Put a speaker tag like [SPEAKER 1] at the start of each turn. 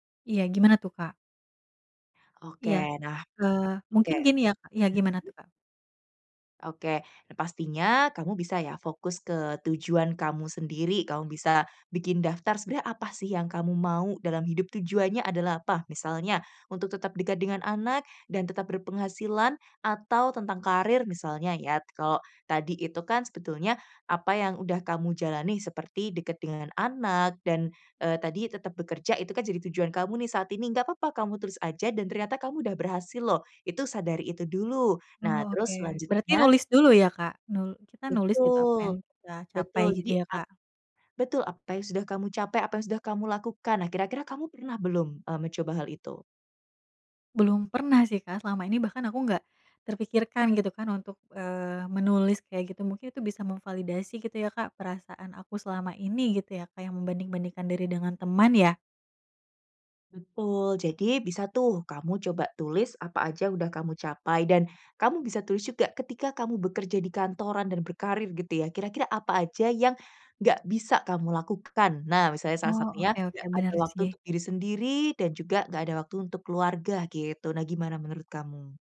[SPEAKER 1] Iya gimana tuh, Kak?
[SPEAKER 2] Oke,
[SPEAKER 1] Iya,
[SPEAKER 2] nah
[SPEAKER 1] eee,
[SPEAKER 2] oke.
[SPEAKER 1] mungkin gini ya, Kak iya gimana
[SPEAKER 2] Hmm.
[SPEAKER 1] tuh, Kak?
[SPEAKER 2] Oke, pastinya kamu bisa ya fokus ke tujuan kamu sendiri kamu bisa bikin daftar sebenarnya apa sih yang kamu mau dalam hidup tujuannya adalah apa? Misalnya untuk tetap dekat dengan anak dan tetap berpenghasilan atau tentang karir misalnya ya, kalau tadi itu kan sebetulnya apa yang sudah kamu jalani seperti dekat dengan anak dan, eee, tadi tetep bekerja itu kan jadi tujuan kamu nih saat ini. Enggak apa apa kamu terus aja dan ternyata kamu udah berhasil loh. Itu sadari itu dulu. Nah
[SPEAKER 1] Oh oke,
[SPEAKER 2] terus
[SPEAKER 1] berarti
[SPEAKER 2] selanjutnya
[SPEAKER 1] nulis dulu ya, Kak? Nul kita nulis gitu apa yang
[SPEAKER 2] Betul
[SPEAKER 1] kita capai
[SPEAKER 2] betul.
[SPEAKER 1] gitu
[SPEAKER 2] Jadi
[SPEAKER 1] ya,
[SPEAKER 2] ap
[SPEAKER 1] Kak?
[SPEAKER 2] betul apa yang sudah kamu capai, apa yang sudah kamu lakukan, nah kira-kira kamu pernah belum, eee, mencoba hal itu?
[SPEAKER 1] Belum pernah sih, Kak, selama ini bahkan aku enggak terpikirkan gitu kan untuk, eee, menulis kayak gitu mungkin itu bisa memvalidasi gitu ya, Kak, perasaan aku selama ini gitu ya kayak membanding-bandingkan diri dengan teman ya?
[SPEAKER 2] Betul, jadi bisa tuh kamu coba tulis apa saja sudah kamu capai dan kamu bisa tulis juga ketika kamu bekerja di kantoran dan berkarir gitu ya kira-kira apa aja yang nggak bisa kamu lakukan, nah misalnya salah
[SPEAKER 1] Oh,
[SPEAKER 2] satunya
[SPEAKER 1] oke oke
[SPEAKER 2] enggak
[SPEAKER 1] bener
[SPEAKER 2] ada waktu
[SPEAKER 1] sih.
[SPEAKER 2] untuk diri sendiri dan juga enggak ada waktu untuk keluarga gitu, nah gimana menurut kamu?